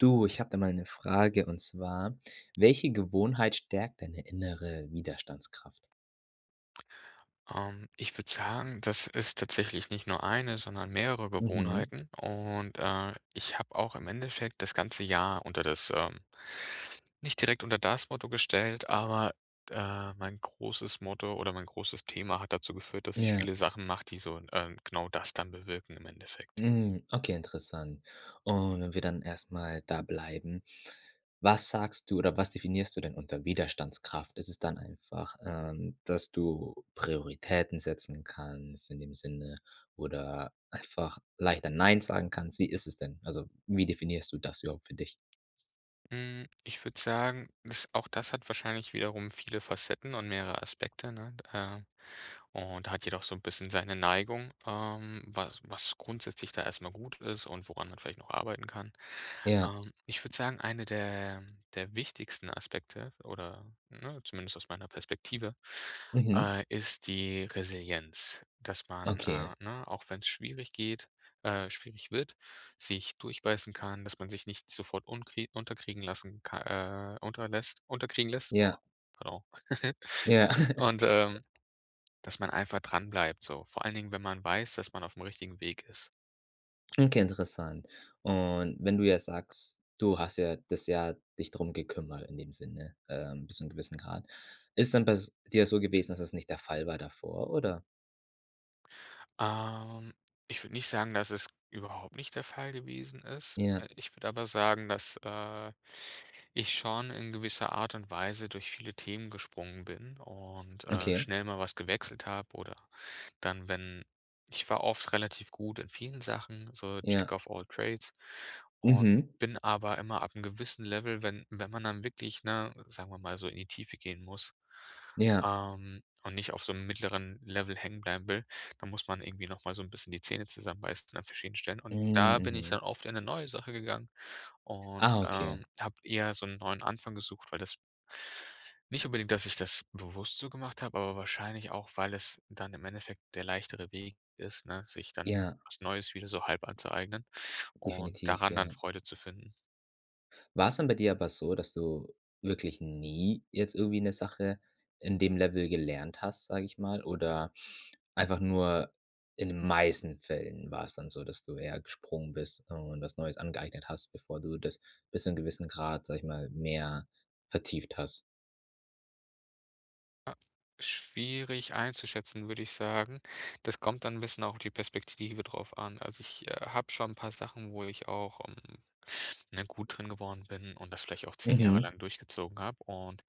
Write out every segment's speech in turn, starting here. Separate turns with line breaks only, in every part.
Du, ich habe da mal 'ne Frage und zwar: Welche Gewohnheit stärkt deine innere Widerstandskraft?
Ähm, ich würde sagen, das ist tatsächlich nicht nur 1, sondern mehrere
Mhm.
Gewohnheiten, und, äh, ich habe auch im Endeffekt das ganze Jahr unter das, ähm nicht direkt unter das Motto gestellt, aber, äh, mein großes Motto oder mein großes Thema hat dazu geführt, dass ich
Ja.
viele Sachen mache, die so, ähm, genau das dann bewirken im Endeffekt.
Mhm, okay, interessant. Und, wenn wir dann erst mal da bleiben, was sagst du oder was definierst du denn unter Widerstandskraft? Ist es dann einfach, ähm, dass du Prioritäten setzen kannst in dem Sinne oder einfach leichter nein sagen kannst, wie ist es denn? Also, wie definierst du das überhaupt für dich?
Mhm, ich würde sagen, das auch das hat wahrscheinlich wiederum viele Facetten und mehrere Aspekte, ne, äh. Und hat jedoch so 'n bisschen seine Neigung, ähm, was was grundsätzlich da erst mal gut ist und woran man vielleicht noch arbeiten kann.
Ja.
Ähm, ich würde sagen, eine der der wichtigsten Aspekte oder ne, zumindest aus meiner Perspektive,
Mhm.
äh, ist die Resilienz. Dass man,
Okay.
äh ne, auch wenn 's schwierig geht äh, schwierig wird, sich durchbeißen kann, dass man sich nicht sofort unkri unterkriegen lassen ka äh, unterlässt unterkriegen lässt.
Ja.
Genau.
Ja.
Und, ähm, dass man einfach dran bleibt so, vor allen Dingen, wenn man weiß, dass man auf 'm richtigen Weg ist.
Okay, interessant. Und wenn du jetzt sagst, du hast ja das Jahr dich drum gekümmert in dem Sinne, ähm, bis zu 'nem gewissen Grad. Ist dann bei s dir so gewesen, dass es nicht der Fall war davor, oder?
Ähm, ich würde nicht sagen, dass es überhaupt nicht der Fall gewesen ist.
Ja.
Äh, ich würde aber sagen, dass, äh, ich schon in gewisser Art und Weise durch viele Themen gesprungen bin und, äh,
Okay.
schnell mal was gewechselt habe oder dann wenn ich war oft relativ gut in vielen Sachen, so Jack
Ja.
of All Trades. Und
Mhm.
bin aber immer ab 'nem gewissen Level wenn wenn man dann wirklich, ne, sagen wir mal, so in die Tiefe gehen muss,
Ja.
ähm, und nicht auf so 'nem mittleren Level hängenbleiben will, dann muss man irgendwie noch mal so 'n bisschen die Zähne zusammenbeißen an verschiedenen Stellen. Und
Hm,
da bin
mhm.
dann oft in 'ne neue Sache gegangen und,
Ah, okay.
ähm, habe eher so 'n neuen Anfang gesucht, weil das Nicht unbedingt, dass ich das bewusst so gemacht habe, aber wahrscheinlich auch, weil es dann im Endeffekt der leichtere Weg ist, ne, sich dann
Ja.
was Neues wieder so halb anzueignen und
Definitiv,
daran dann
ja.
Freude zu finden.
War es dann bei dir aber so, dass du wirklich nie jetzt irgendwie 'ne Sache in dem Level gelernt hast, sage ich mal, oder einfach nur in den meisten Fällen war es dann so, dass du eher gesprungen bist und was Neues angeeignet hast, bevor du das bis zum gewissen Grad, sage ich mal, mehr vertieft hast?
Ah. Schwierig einzuschätzen, würde ich sagen. Das kommt dann 'n bisschen auf die Perspektive drauf an. Also, ich habe schon 'n paar Sachen, wo ich auch, ähm, ne, gut drin geworden bin und das vielleicht auch 10 Jahre
Mhm.
lang durchgezogen habe. Und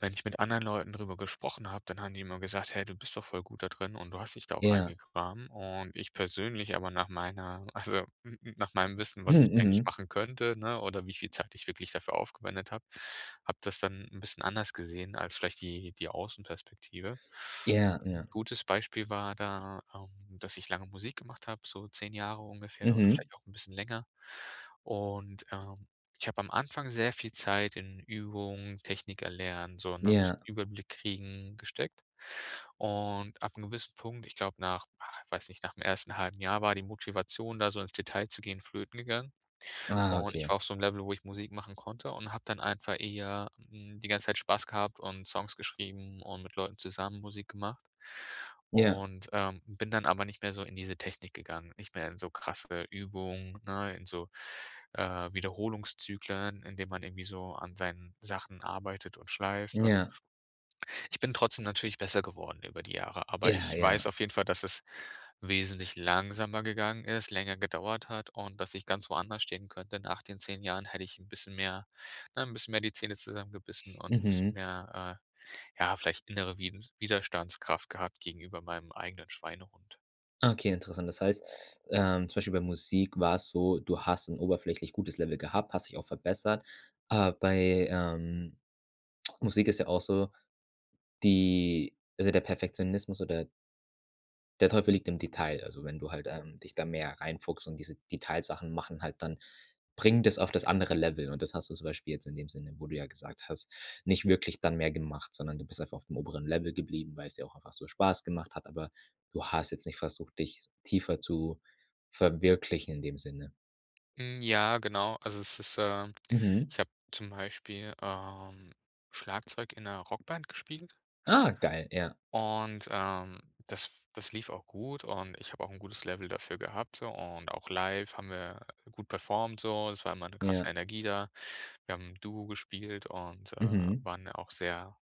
wenn ich mit anderen Leuten drüber gesprochen habe, dann haben die immer gesagt: „Hey, du bist doch voll gut da drin und du hast dich da auch rein
Ja.
gegraben.“ Und ich persönlich aber, nach meiner also, nach meinem Wissen, was
Hm,
ich eigentlich
mhm.
machen könnte, ne, oder wie viel Zeit ich wirklich dafür aufgewendet habe, habe das dann 'n bisschen anders gesehen als vielleicht die die Außenperspektive.
Ja.
N'
Ja.
gutes Beispiel war da, ähm, dass ich lange Musik gemacht habe, so 10 Jahre ungefähr oder
Mhm.
vielleicht auch 'n bisschen länger und, ähm, ich habe am Anfang sehr viel Zeit in Übung, Technik erlernen, so, ne, bisschen
Ja.
Überblick kriegen, gesteckt. Und ab 'nem gewissen Punkt, ich glaube, nach, ah, ich weiß nicht, nach dem 1. 1/2 Jahr war die Motivation, da so ins Detail zu gehen, flöten gegangen.
Ah,
Und ich
okay.
war auf so 'nem Level, wo ich Musik machen konnte und habe dann einfach eher, ähm, die ganze Zeit Spaß gehabt und Songs geschrieben und mit Leuten zusammen Musik gemacht.
Ja.
Und, ähm, bin dann aber nicht mehr so in diese Technik gegangen, nicht mehr in so krasse Übungen, ne, in so, äh, Wiederholungszyklen, indem man irgendwie so an seinen Sachen arbeitet und schleift und
Ja.
ich bin trotzdem natürlich besser geworden über die Jahre. Aber
Ja.
ich weiß
Ja.
auf jeden Fall, dass es wesentlich langsamer gegangen ist, länger gedauert hat und dass ich ganz woanders stehen könnte. Nach den 10 Jahren hätte ich 'n bisschen mehr, ne 'n bisschen mehr die Zähne zusammengebissen und 'n bisschen
Mhm.
mehr, äh, ja, vielleicht innere Wid Widerstandskraft gehabt gegenüber meinem eigenen Schweinehund.
Okay, interessant. Das heißt, ähm, zum Beispiel bei Musik war es so, du hast 'n oberflächlich gutes Level gehabt, hast dich auch verbessert, aber bei, ähm Musik ist ja auch so, die also, der Perfektionismus oder der Teufel liegt im Detail. Also, wenn du halt, ähm, dich da mehr reinfuchst und diese Detailsachen machen halt dann bringen das auf das andere Level. Und das hast du zum Beispiel jetzt in dem Sinne, wo du ja gesagt hast, nicht wirklich dann mehr gemacht, sondern du bist einfach aufm oberen Level geblieben, weil's dir auch einfach so Spaß gemacht hat. Aber du hast jetzt nicht versucht, dich tiefer zu verwirklichen in dem Sinne.
Hm, ja genau. Also, es ist, ähm
Mhm.
ich habe zum Beispiel, ähm, Schlagzeug in 'ner Rockband gespielt
Ah, geil, ja.
und, ähm, das das lief auch gut und ich habe auch 'n gutes Level dafür gehabt so und auch live haben wir gut performt so, es war immer 'ne krasse
Ja.
Energie da. Wir haben 'n Duo gespielt und, ähm,
Mhm.
waren auch sehr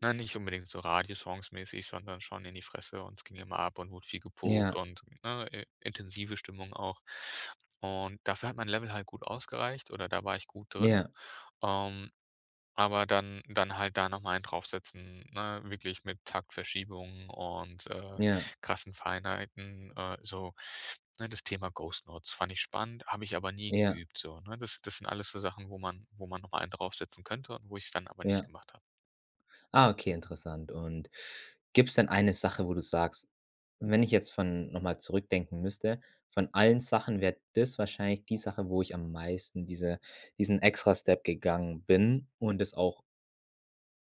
ne, nicht unbedingt so Radiosongs-mäßig sondern schon in die Fresse und es ging immer ab und wurde viel gepogt
Ja.
und, ne, i intensive Stimmung auch und dafür hat mein Level halt gut ausgereicht oder da war ich gut drin,
Ja.
ähm, aber dann dann halt da noch mal einen drauf setzen, ne, wirklich mit Taktverschiebungen und, äh,
Ja.
krassen Feinheiten, äh, so. Ne, das Thema ghost notes fand ich spannend, habe ich aber nie
Ja.
geübt so, ne? Das das sind alles so Sachen, wo man wo man noch einen drauf setzen könnte und wo ich es dann aber nicht
Ja.
gemacht habe.
Ah, okay, interessant. Und gibt's denn eine Sache, wo du sagst: „Wenn ich jetzt von noch mal zurückdenken müsste, von allen Sachen wäre das wahrscheinlich die Sache, wo ich am meisten diese diesen extra Step gegangen bin.“ Und es auch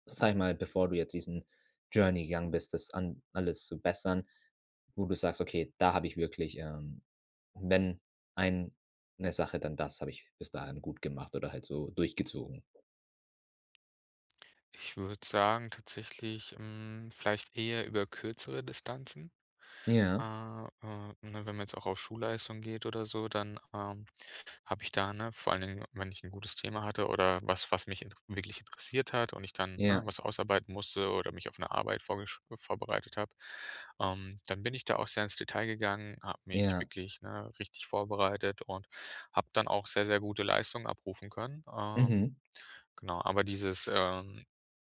sage ich mal, bevor du jetzt diesen Journey gegangen bist, das an alles zu bessern, wo du sagst: „Okay, da habe ich wirklich, ähm wenn eine Sache, dann das habe ich bis dahin gut gemacht oder halt so durchgezogen.“
Ich würde sagen tatsächlich, hm, vielleicht eher über kürzere Distanzen.
Ja.
Äh, äh, ne, wenn man jetzt auch auf Schulleistung geht oder so, dann, ähm, habe ich da, ne, vor allen Dingen, wenn ich 'n gutes Thema hatte oder was, was mich int wirklich interessiert hat und ich dann, ne,
Ja.
was ausarbeiten musste oder mich auf 'ne Arbeit vorgesch vorbereitet habe, ähm, dann bin ich da auch sehr ins Detail gegangen, habe mich
Ja.
wirklich, ne, richtig vorbereitet und habe dann auch sehr, sehr gute Leistungen abrufen können, ähm,
Mhm.
genau. Aber dieses, ähm,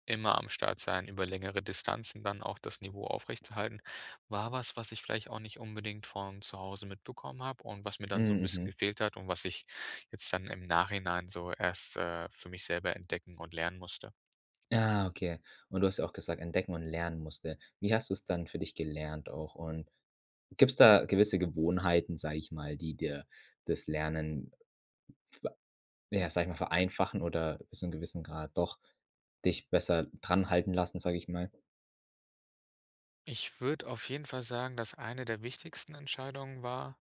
immer am Start sein, über längere Distanzen dann auch das Niveau aufrechtzuerhalten, war was, was ich vielleicht auch nicht unbedingt von zu Hause mitbekommen habe und was mir
Mh,
dann so 'n bisschen
mhm.
gefehlt hat und was ich jetzt dann im Nachhinein so erst, äh, für mich selber entdecken und lernen musste.
Ah, okay. Und du hast ja auch gesagt: „Entdecken und lernen musste.“ Wie hast du es dann für dich gelernt auch und gibt's da gewisse Gewohnheiten, sage ich mal, die dir das Lernen, wa ja, sage ich mal, vereinfachen oder so 'n gewissen Grad doch dich besser dran halten lassen, sage ich mal?
Ich würde auf jeden Fall sagen, dass eine der wichtigsten Entscheidungen war,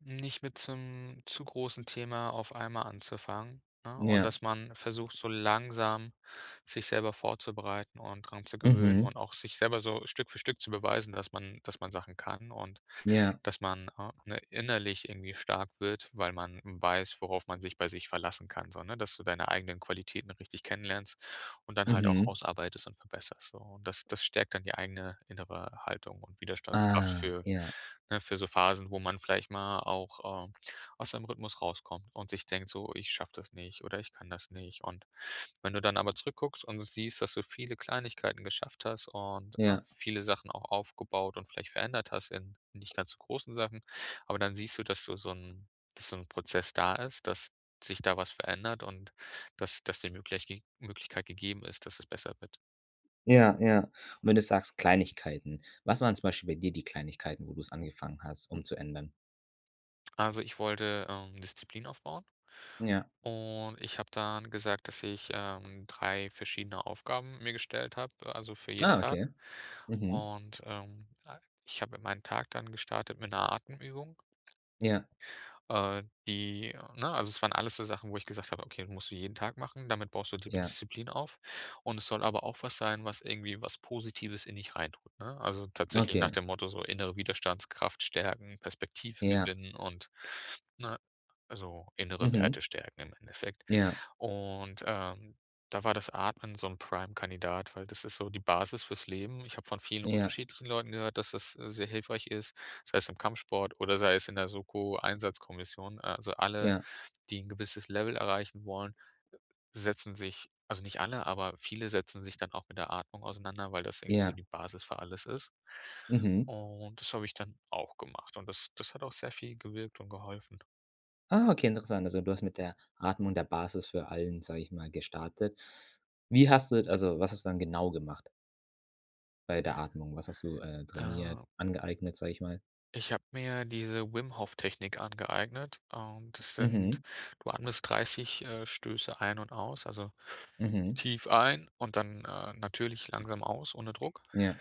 nicht mit so 'nem zu großen Thema auf einmal anzufangen, ne? Und
Ja.
dass man versucht, so langsam sich selber vorzubereiten und dran zu gewöhnen
Mhm.
und auch sich selber so Stück für Stück zu beweisen, dass man dass man Sachen kann. Und
Ja.
dass man, ah, ne, innerlich irgendwie stark wird, weil man weiß, worauf man sich bei sich verlassen kann so, ne? Dass du deine eigenen Qualitäten richtig kennenlernst und dann halt auch
Mhm.
ausarbeitest und verbesserst, so. Und das das stärkt dann die eigene innere Haltung und Widerstandskraft
Ah,
für
ja.
ne, für so Phasen wo man vielleicht mal auch, äh, aus seinem Rhythmus rauskommt und sich denkt: „So, ich schaffe das nicht“ oder „Ich kann das nicht.“ Und wenn du dann aber zurück guckst und siehst, dass du viele Kleinigkeiten geschafft hast und, ne,
Ja.
viele Sachen auch aufgebaut und vielleicht verändert hast in nicht ganz so großen Sachen. Aber dann siehst du, dass du so 'n dass so 'n Prozess da ist. Dass sich da was verändert und dass das die Mögleichge Möglichkeit gegeben ist, dass es besser wird.
Ja, ja. Und wenn du sagst, Kleinigkeiten, was waren zum Beispiel bei dir die Kleinigkeiten, wo du 's angefangen hast, umzuändern?
Also, ich wollte, ähm, Disziplin aufbauen.
Ja.
Und ich habe dann gesagt, dass ich, ähm, 3 verschiedene Aufgaben mir gestellt habe, äh, also für jeden
Ah, okay.
Tag.
Mhm.
Und, ähm, a ich habe in meinen Tag dann gestartet mit 'ner Atemübung.
Ja.
Äh, die ne, also, es waren alles so Sachen, wo ich gesagt habe: „Okay, die musst du jeden Tag machen. Damit baust du dir die
Ja.
Disziplin auf.“ Und es soll aber auch was sein, was irgendwie was Positives in dich reintut, ne? Also, tatsächlich nach
Okay.
dem Motto so innere Widerstandskraft stärken, Perspektive
Ja.
gewinnen und, ne, also, innere
Mhm.
Werte stärken im Endeffekt.
Ja.
Und, ähm, da war das Atmen so 'n Prime-Kandidat, weil das ist so die Basis fürs Leben. Ich habe von vielen
Ja.
unterschiedlichen Leuten gehört, dass das, äh, sehr hilfreich ist. Sei es im Kampfsport oder sei es in der Soko-Einsatzkommission. Äh, also, alle,
Ja.
die 'n gewisses Level erreichen wollen, setzen sich also, nicht alle, aber viele setzen sich dann auch mit der Atmung auseinander, weil das irgendwie so
Ja.
die Basis für alles ist,
Mhm.
und das habe ich dann auch gemacht, und das das hat auch sehr viel gewirkt und geholfen.
Ah, okay, interessant. Also, du hast mit der Atmung, der Basis für allen, sag ich mal, gestartet. Wie hast du also, was ist dann genau gemacht? Bei der Atmung- was hast du, äh, trainiert
Äh.
angeeignet, sag ich mal?
Ich habe mir diese Wim-Hoff-Technik angeeignet, ähm, das sind
Mhm.
du atmest 30, äh, Stöße ein und aus, also
Mhm.
tief ein und dann, äh, natürlich langsam aus, ohne Druck.
Ja.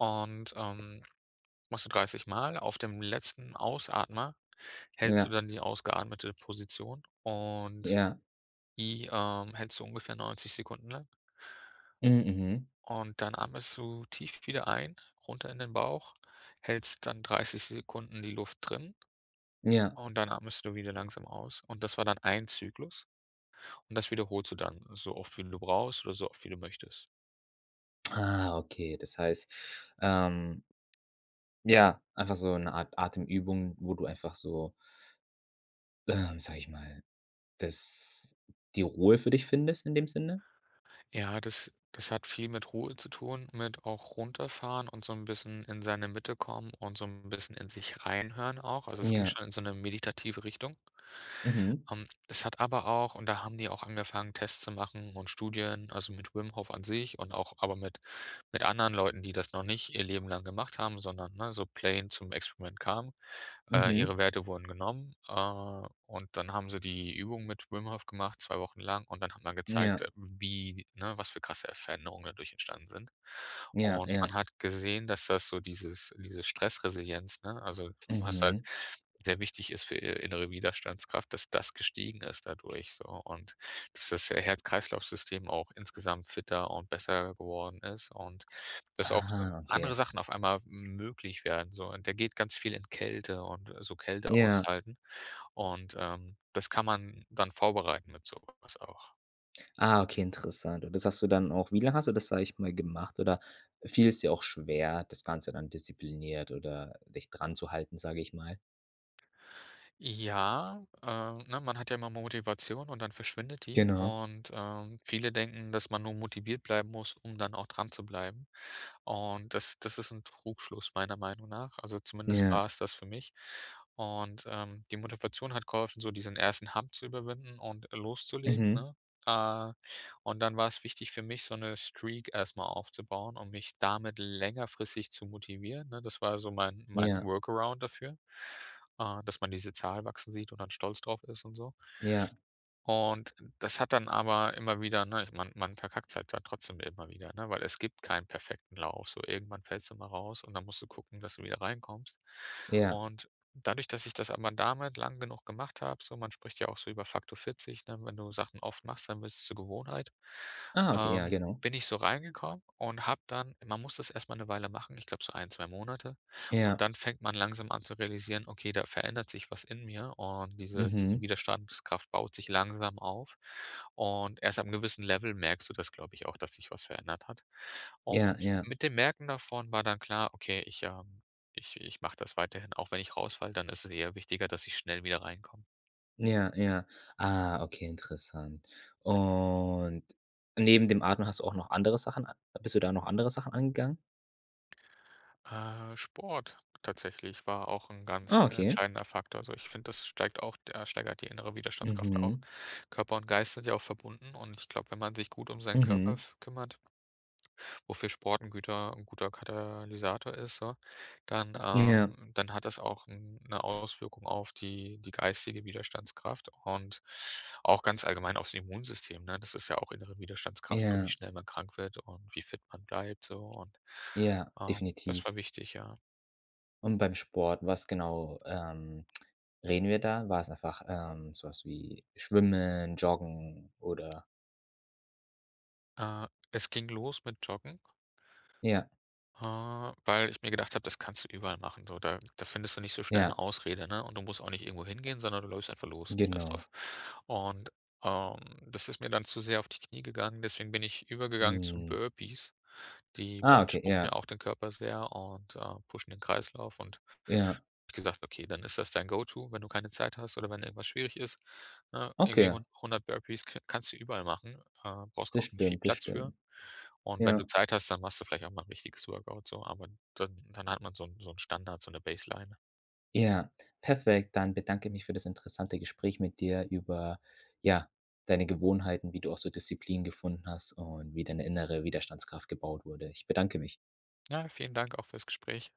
Und, ähm, machst du 30 Mal, auf dem letzten Ausatmer hältst du
Ja.
dann die ausgeatmete Position, und
Ja.
die, ähm, hältst du ungefähr 90 Sekunden lang.
Mhm. Mhm.
Und dann atmest du tief wieder ein, runter in den Bauch, hältst dann 30 Sekunden die Luft drin.
Ja.
Und dann atmest du wieder langsam aus. Und das war dann ein Zyklus. Und das wiederholst du dann, so oft wie du brauchst oder so oft wie du möchtest.
Ah, okay. Das heißt, ähm ja, einfach so 'ne Art Atemübung, wo du einfach so ähm, sage ich mal, das die Ruhe für dich findest in dem Sinne?
Ja, das das hat viel mit Ruhe zu tun, mit auch runterfahren und so 'n bisschen in seine Mitte kommen und so 'n bisschen in sich reinhören auch. Also, es ging
Ja.
schon in so 'ne meditative Richtung.
Mhm.
Ähm, das hat aber auch und da haben die auch angefangen, Tests zu machen und Studien, also, mit Wim Hof an sich und auch aber mit mit anderen Leuten, die das noch nicht ihr Leben lang gemacht haben, sondern, ne, so plain zum Experiment kamen. Äh, ihre
Mhm.
Werte wurden genommen, äh, und dann haben sie die Übung mit Wim Hof gemacht 2 Wochen lang und dann hat man gezeigt, äh,
Ja.
wie, ne was für krasse, äh, Veränderungen dadurch entstanden sind.
Ja,
Und man
ja.
hat gesehen, dass das so dieses diese Stressresilienz, ne, also, was halt
Mhm.
sehr wichtig ist für, äh, innere Widerstandskraft, dass das gestiegen ist dadurch, so, und dass das He Herz-Kreislaufsystem auch insgesamt fitter und besser geworden ist und, dass auch
Ah,
andere
okay.
Sachen auf einmal möglich werden so. Und der geht ganz viel in Kälte und, äh, so Kälte
Ja.
aushalten. Und, ähm, das kann man dann vorbereiten mit so was auch.
Ah, okay, interessant. Und das hast du dann auch wie lange hast du das, sage ich mal, gemacht? Oder fiel es dir auch schwer, das Ganze dann diszipliniert oder dich dran zu halten, sage ich mal?
Ja, äh, ne, man hat ja immer Motivation und dann verschwindet die.
Genau.
Und, äh, viele denken, dass man nur motiviert bleiben muss, um dann auch dran zu bleiben. Und das das ist 'n Trugschluss meiner Meinung nach. Also, zumindest
Ja.
war es das für mich. Und, ähm, die Motivation hat geholfen, so diesen 1. Hump zu überwinden und loszulegen,
Mhm.
ne? Äh, und dann war 's wichtig für mich, so 'ne Streak erst mal aufzubauen und mich damit längerfristig zu motivieren, ne? Das war so mein mein
Ja.
Workaround dafür, äh, dass man diese Zahl wachsen sieht und dann stolz drauf ist und so.
Ja.
Und, das hat dann aber immer wieder, ne, ich man man verkackt's halt da trotzdem immer wieder, ne, weil es gibt keinen perfekten Lauf. So, irgendwann fällst du mal raus und dann musst du gucken, dass du wieder reinkommst.
Ja.
Und dadurch, dass ich das aber damit lang genug gemacht habe, so, man spricht ja auch so über Faktor 40, ne, wenn du Sachen oft machst, dann wird 's zur Gewohnheit,
Ah, okay, ja,
ähm,
genau.
bin ich so reingekommen und habe dann man muss das erst mal 'ne Weile machen, ich glaube so 1, 2 Monate und
Ja.
dann fängt man langsam an zu realisieren: „Okay, da verändert sich was in mir und diese diese
Mhm.
Widerstandskraft baut sich langsam auf.“ Und erst ab 'nem gewissen Level merkst du das, glaube ich, auch, dass sich was verändert hat.
Ja,
Und
ja.
mit dem Merken davon war dann klar: „Okay, ich, ähm ich ich mache das weiterhin, auch wenn ich raus falle, dann ist es eher wichtiger, dass ich schnell wieder reinkomme.“
Ja, ja. Ah, okay, interessant. Und, neben dem Atmen hast du auch noch andere Sachen bist du da noch andere Sachen angegangen?
Äh, Sport tatsächlich war auch 'n ganz
Ah, okay.
entscheidender Faktor. Also, ich finde, das steigt auch äh, steigert die innere Widerstandskraft auch.
Mhm.
Körper und Geist sind ja auch verbunden. Und ich glaube, wenn man sich gut um seinen Körper
Mhm.
f kümmert wofür Sport 'n Güter 'n guter Katalysator ist so, dann,
Ja.
ähm, dann hat das auch 'n 'ne Auswirkung auf die die geistige Widerstandskraft und auch ganz allgemein aufs Immunsystem, ne? Das ist ja auch innere Widerstandskraft und wie
Ja.
schnell man krank wird und wie fit man bleibt so und,
Ja,
ähm, das
definitiv.
war wichtig, ja.
Und beim Sport, was genau, ähm, reden wir da? War's einfach, ähm, so was wie Schwimmen, Joggen oder?
Äh, es ging los mit Joggen
Ja.
äh, weil ich mir gedacht habe, das kannst du überall machen, so. Da da findest du nicht so schnell
Ja.
'ne Ausrede, ne? Und du musst auch nicht irgendwo hingehen, sondern du läufst einfach los, scheiß drauf.
Genau.
Und, ähm, das ist mir dann zu sehr auf die Knie gegangen, deswegen bin ich übergegangen zu
Mhm.
Burpees. Die
Ah, okay,
beanspruchen ja
ja.
auch den Körper sehr und, äh, pushen den Kreislauf und habe
Ja.
ich gesagt, okay, dann ist das dein Go-to, wenn du keine Zeit hast oder wenn irgendwas schwierig ist, ne, irgendwie
Okay.
hun 100 Burpees k kannst du überall machen, äh, brauchst
Das
auch nicht viel
stimmt, das
Platz für.
stimmt.
Und wenn du
Ja.
Zeit hast, dann machst du vielleicht auch mal 'n richtiges Workout so, aber dann dann hat man so 'n so 'n Standard, so 'ne Baseline.
Ja, perfekt. Dann bedanke ich mich für das interessante Gespräch mit dir über, ja, deine Gewohnheiten, wie du auch so Disziplin gefunden hast und wie deine innere Widerstandskraft gebaut wurde. Ich bedanke mich.
Ja, vielen Dank auch fürs Gespräch.